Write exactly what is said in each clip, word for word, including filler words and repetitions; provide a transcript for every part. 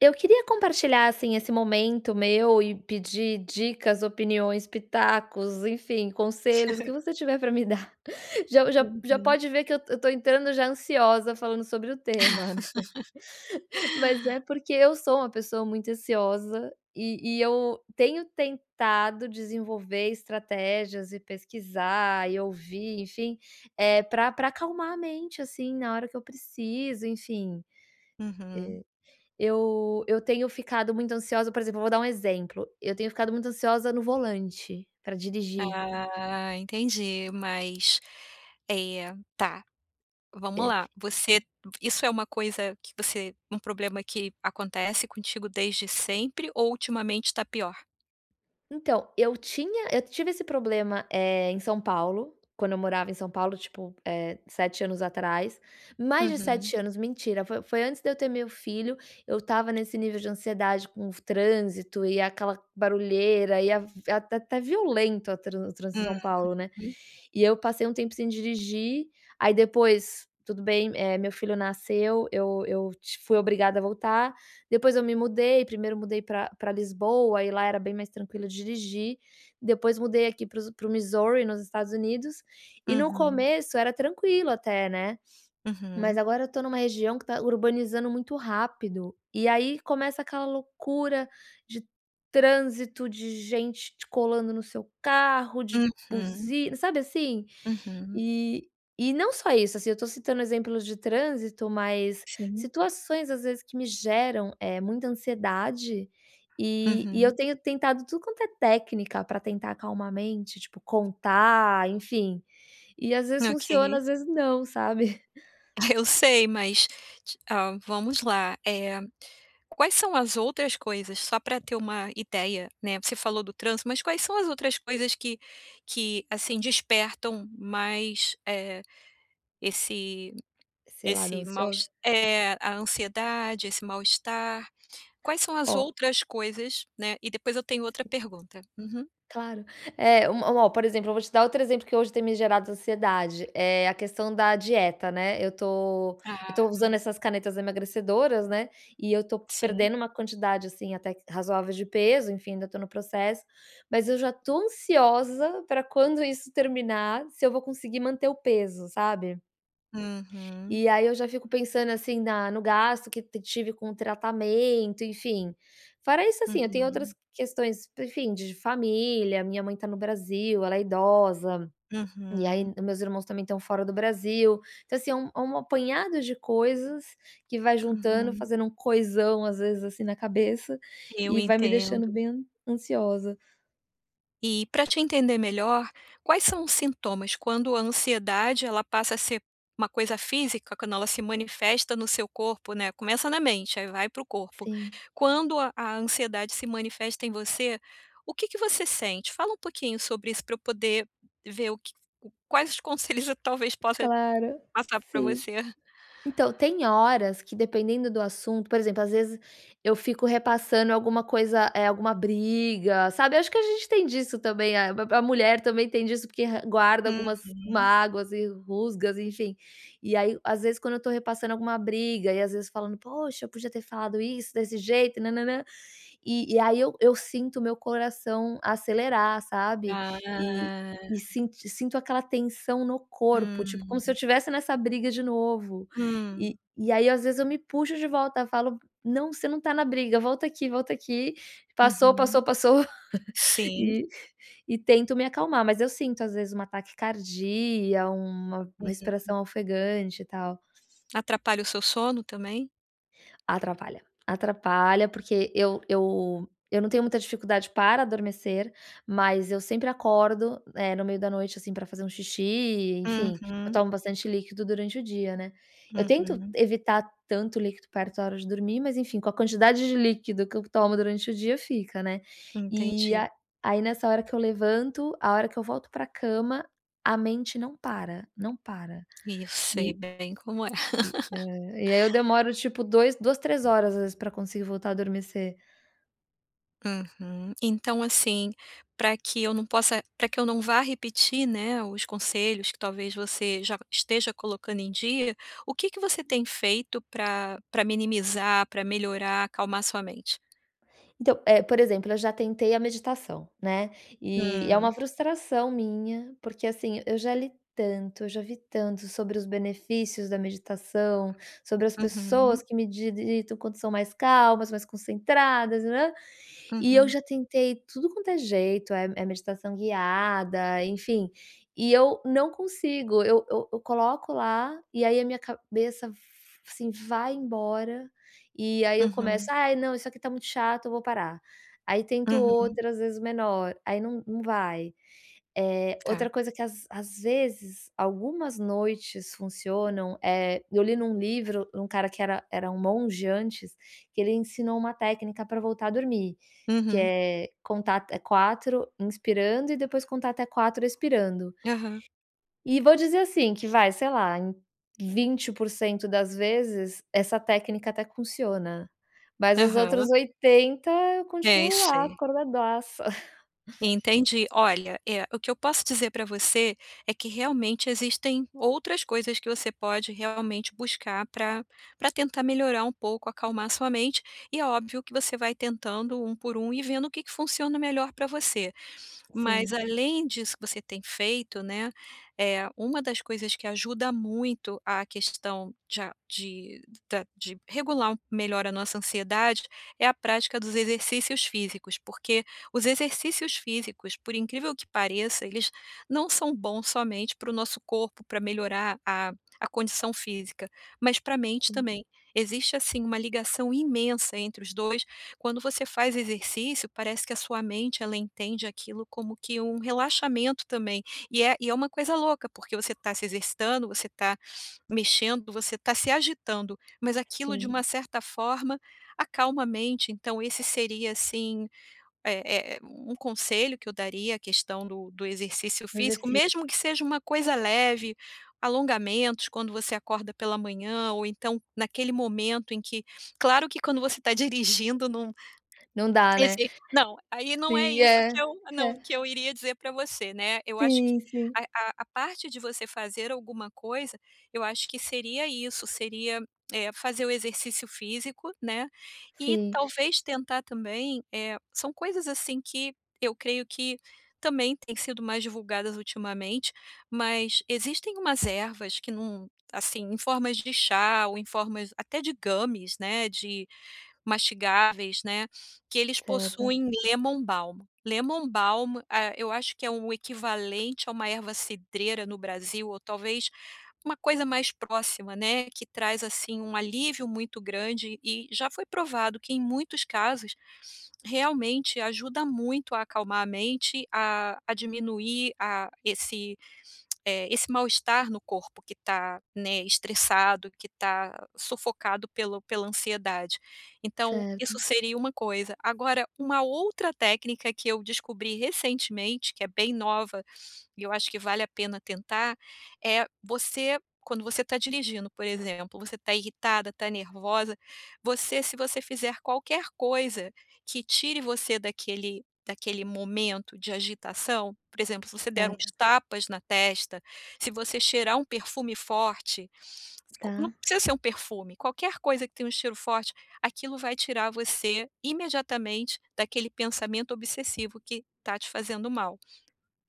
Eu queria compartilhar, assim, esse momento meu e pedir dicas, opiniões, pitacos, enfim, conselhos o que você tiver pra me dar, já já já Uhum. pode ver que eu eu estou entrando já ansiosa falando sobre o tema, né? Mas é porque eu sou uma pessoa muito ansiosa e e eu tenho tentado desenvolver estratégias e pesquisar e ouvir, enfim, eh, pra pra acalmar a mente assim na hora que eu preciso, enfim. Uhum. Eh, eu eu tenho ficado muito ansiosa, por exemplo eu vou dar um exemplo: Eu tenho ficado muito ansiosa no volante, pra dirigir. Ah, entendi, mas é tá. Vamos É. lá. Você isso é uma coisa que você um problema que acontece contigo desde sempre ou ultimamente tá pior? Então eu tinha eu tive esse problema, eh, em São Paulo, quando eu morava em São Paulo, tipo, eh, sete anos atrás, mais de Uhum. sete anos mentira, foi foi antes de eu ter meu filho. Eu estava nesse nível de ansiedade, com o f trânsito e aquela barulheira e até violento a tran o trânsito em Hum. São Paulo, né? Uhum. E eu passei um tempo sem dirigir. Aí depois, tudo bem, eh, meu filho nasceu, eu eu t fui obrigada a voltar. Depois eu me mudei, primeiro mudei pra pra Lisboa, e lá era bem mais tranquilo dirigir. Depois mudei aqui para os para o Missouri, nos Estados Unidos, e no Uhum. começo era tranquilo até, né? Mas Uhum. agora eu tô numa região que tá urbanizando muito rápido. E aí começa aquela loucura de trânsito, de gente colando no seu carro de Uhum. buzina, sabe, assim? Uhum. E e não só isso, assim, eu tô citando exemplos de trânsito, mas Sim. situações às vezes que me geram, eh, muita ansiedade e e eu Uhum. tenho tentado tudo quanto é técnica pra tentar acalmar a mente, tipo contar, enfim, e às vezes funciona, OK. às vezes não, sabe? Ah, eu sei, mas, ah, vamos lá. Eh, quais são as outras coisas só pra ter uma ideia, né? Você falou do trânsito, mas quais são as outras coisas que que assim despertam mais, eh, esse Esse lado esse mal ansioso. es é a ansiedade, esse mal-estar. Quais são as Ó. outras coisas, né? E depois eu tenho outra [unintelligible] pergunta. Uhum. Claro. É uma um por exemplo, eu vou te dar outro exemplo, que hoje tem me gerado ansiedade. É a questão da dieta, né? Eu tô eu Tá. tô usando essas canetas emagrecedoras, né? E eu tô Sim. perdendo uma quantidade, assim, até razoável de peso enfim, ainda tô no processo, mas eu já tô ansiosa pra quando isso terminar, se eu vou conseguir manter o peso, sabe? Uhum. E aí eu já fico pensando assim na no gasto que eu tive com o tratamento, enfim. Fora isso, assim, eu tenho outras Uhum. questões, enfim, de família, a minha mãe tá no Brasil, ela é idosa, e aí Uhum. os meus irmãos também estão fora do Brasil. Então assim é um é um apanhado de coisas que vai juntando, Uhum. fazendo um coisão, às vezes assim na cabeça Eu e vai me deixando entendo. bem ansiosa. E pra te entender melhor, quais são os sintomas quando a ansiedade ela passa a ser uma coisa física, quando ela se manifesta no seu corpo, né. Começa na mente, aí vai para o corpo. Sim. Quando a a ansiedade se manifesta em você, o que que você sente? Fala um pouquinho sobre isso para eu poder ver o que quais os conselhos eu talvez possa Claro, passar para sim, você. então tem horas que dependendo do assunto, por exemplo, às vezes, eu fico repassando alguma coisa, eh, alguma briga, sabe. Acho que a gente tem disso também. Ah, a mulher também tem disso porque guarda algumas Uhum. mágoas e rusgas, enfim, e aí, às vezes, quando eu estou repassando alguma briga e às vezes falando: "Poxa, eu podia ter falado isso desse jeito na na na" E e aí eu eu sinto o meu coração acelerar, sabe, eh, Ah. e sinto sinto aquela tensão no corpo, tipo como Hum. se eu tivesse nessa briga de novo e Hum. e aí às vezes eu me puxo de volta, falo: "Não, você não tá na briga, volta aqui, volta aqui, passou, Uhum, passou, passou." sim. E e tento me acalmar, mas eu sinto às vezes uma taquicardia, uma Uhum. respiração ofegante e tal. Atrapalha o seu sono também? Atrapalha, atrapalha porque eu eu eu não tenho muita dificuldade para adormecer, mas eu sempre acordo, eh, no meio da noite, assim, para fazer um xixi e enfim, eu Uhum. tomo bastante líquido durante o dia, né. Eu tento Uhum. evitar tanto líquido perto da hora de dormir, mas enfim, com a quantidade de líquido que eu tomo durante o dia fica, né. E Entendi. a aí nessa hora que eu levanto a hora que eu volto para a cama, a mente não para, não para E eu sei e bem como é. E, é, e aí eu demoro tipo dois duas, três horas às vezes para conseguir voltar a adormecer. Uhum. Então, assim, pra que eu não possa pra que eu não vá repetir, né, os conselhos que talvez você já esteja colocando em dia, o que que você tem feito pra pra minimizar, pra melhorar, acalmar a sua mente? Então, eh, por exemplo, eu já tentei a meditação, né, e é uma Hum. frustração minha, porque, assim, eu já li tanto, eu já vi tanto sobre os benefícios da meditação, sobre as pessoas Uhum. que mediditam quando são mais calmas, mais concentradas, [unintelligible] e eu Uhum. já tentei tudo quanto é jeito, eh, é meditação guiada, enfim, e eu não consigo, eu eu eu coloco lá e aí a minha cabeça f assim, vai embora e aí eu começo: Uhum. "Ai não, isso aqui tá muito chato, eu vou parar", aí tento Uhum. outra as vezes menor, aí não não vai. Eh, Tá. outra coisa que às às vezes algumas noites funcionam, eh, eu li num livro, um cara que era era um monge antes, que ele ensinou uma técnica para voltar a dormir, que Uhum. é contar até quatro inspirando e depois contar até quatro expirando. Aham. E vou dizer assim que, vai, sei lá, em vinte% das vezes essa técnica até funciona, mas os outros Aham. oitenta eu É, eu continuo lá sei. acordadaça. Entendi. Olha, é, o que eu posso dizer pra você é que realmente existem outras coisas que você pode realmente buscar pra pra tentar melhorar um pouco, acalmar a sua mente, e é óbvio que você vai tentando um por um e vendo o que que funciona melhor pra você, mas Sim. além disso que você tem feito, né, eh, uma das coisas que ajuda muito a questão de a de da de regular um melhor a nossa ansiedade, é a prática dos exercícios físicos, porque os exercícios físicos, por incrível que pareça, eles não são bons somente para o nosso corpo pra melhorar a a condição física, mas para a mente Sim. também. Existe, assim, uma ligação imensa entre os dois, quando você faz exercício, parece que a sua mente ela entende aquilo como que um relaxamento também e é e é uma coisa louca, porque você tá se exercitando, você tá mexendo, você tá se agitando, mas aquilo, de Sim. uma certa forma, acalma a mente, então esse seria assim é é um conselho que eu daria, a questão do do exercício Mas físico, assim mesmo que seja uma coisa leve, alongamentos quando você acorda pela manhã, ou então naquele momento em que claro que quando você tá dirigindo num Não dá, né? esse não, aí não é Sim isso é, que eu não, é. que eu iria dizer para você, né, eu acho Sim, que sim. a a a parte de você fazer alguma coisa, eu acho que seria isso, seria, eh, fazer o exercício físico, né. E Sim. talvez tentar também, eh, são coisas assim que eu creio que também têm sido mais divulgadas ultimamente, mas existem umas ervas que num assim, em formas de chá ou em formas até de gummies, né, de mastigáveis, né, que eles Certo. possuem lemon balm, lemon balm, ah, eu acho que é um equivalente a uma erva cidreira no Brasil, ou talvez uma coisa mais próxima, né, que traz assim um alívio muito grande e já foi provado que em muitos casos realmente ajuda muito a acalmar a mente, a a diminuir a esse, eh, esse mal-estar no corpo que tá, né, estressado, que tá sufocado pelo pela ansiedade, então Certo. isso seria uma coisa, agora, uma outra técnica que eu descobri recentemente, que é bem nova e eu acho que vale a pena tentar, é você quando você tá dirigindo, por exemplo, você tá irritada, tá nervosa, você se você fizer qualquer coisa que tire você daquele daquele momento de agitação, por exemplo, se você der uns Certo. tapas na testa, se você cheirar um perfume forte, não Tá. precisa ser um perfume, qualquer coisa que tem um estilo forte, aquilo vai tirar você imediatamente daquele pensamento obsessivo que tá te fazendo mal.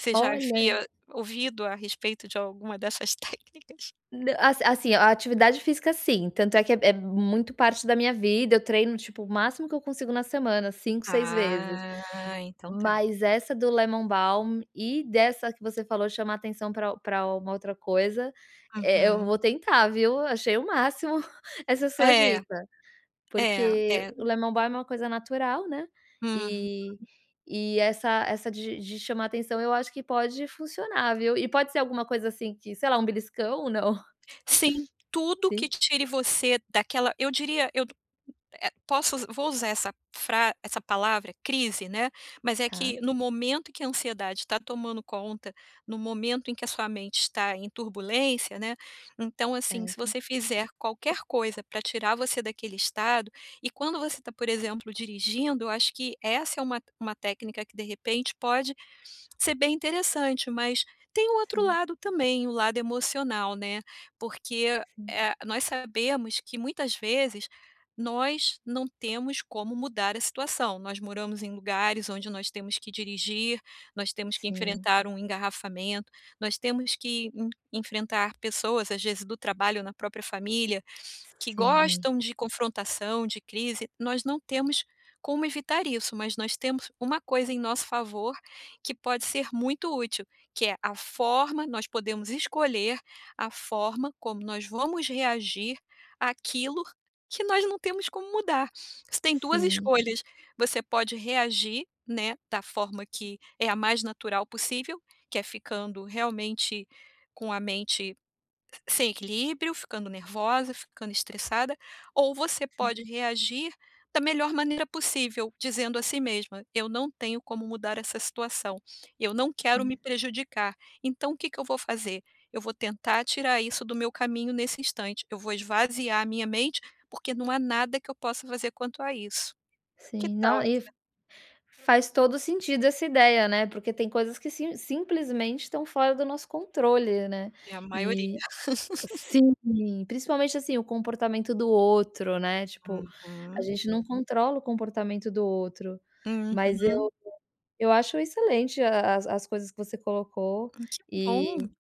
Você já Olha! havia ouvido a respeito de alguma dessas técnicas? Na as assim, a atividade física sim, tanto é que é é muito parte da minha vida, eu treino tipo o máximo que eu consigo na semana, cinco, seis vezes, Ah, então tá. mas essa do lemon balm e dessa que você falou de chamar atenção pra pra uma outra coisa, eh, eu Uhum. vou tentar, viu, achei o máximo essa sua É. dica, É, porque é. o lemon balm é uma coisa natural, né, Uhum. e e essa essa de de chamar a atenção, eu acho que pode funcionar, viu, e pode ser alguma coisa assim, que sei lá, um beliscão ou não? Sim, tudo que Sim. tire você daquela eu diria, eu eh, posso vou usar essa fra essa palavra: crise, né, mas é Tá. que no momento em que a ansiedade tá tomando conta, no momento em que a sua mente está em turbulência, né, então, assim, se Certo. você fizer qualquer coisa pra tirar você daquele estado e quando você tá, por exemplo, dirigindo, eu acho que essa é uma te uma técnica que de repente pode ser bem interessante, mas tem um outro Sim. lado também, o lado emocional, né, porque, Sim. eh, nós sabemos que muitas vezes nós não temos como mudar a situação, nós moramos em lugares onde nós temos que dirigir, nós temos que Sim. enfrentar um engarrafamento, nós temos que en enfrentar pessoas, às vezes do trabalho ou na própria família, que Sim. gostam de confrontação, de crise. Nós não temos como evitar isso, mas nós temos uma coisa em nosso favor, que pode ser muito útil, que é a forma nós podemos escolher a forma como nós vamos reagir àquilo que nós não temos como mudar. Você tem duas Sim. escolhas, você pode reagir, né, da forma que é a mais natural possível, que é ficando realmente com a mente sem equilíbrio, ficando nervosa, ficando estressada, ou você Sim. pode reagir da melhor maneira possível, dizendo a si mesma: "Eu não tenho como mudar essa situação, eu não quero me Sim. prejudicar, então, o que que eu vou fazer? Eu vou tentar tirar isso do meu caminho nesse instante. Eu vou esvaziar a minha mente, porque não há nada que eu possa fazer quanto a isso". Que Sim, tal não e essa f faz todo o sentido essa ideia, né, porque tem coisas que sim simplesmente estão fora do nosso controle, né, É a maioria. e, sim. Principalmente assim, o comportamento do outro, né, tipo, a Uhum. gente não controla o comportamento do outro, mas Uhum. eu eu acho excelente a as as coisas que você colocou Hum, que e, bom.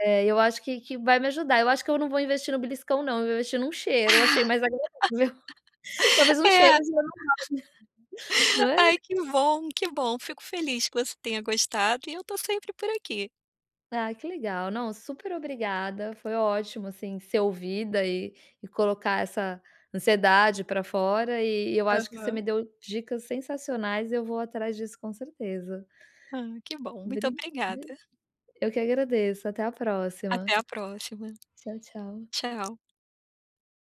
eh, eu acho que que vai me ajudar, eu acho que eu não vou investir no beliscão não eu vou investir num cheiro. eu achei mais agradável, talvez um cheiro É. já resolve. Não é? Ai que bom, que bom! Fico [unintelligible] feliz que você tenha gostado e eu estou sempre por aqui. Ah, que legal, não super obrigada, foi ótimo, assim, ser ouvida e e colocar essa ansiedade pra fora, e eu acho que você me Aham. deu dicas sensacionais e eu vou atrás disso, com certeza. Ah, que bom, muito Bri obrigada. b eu que agradeço até a próxima. Até a próxima. Tchau, tchau. Tchau.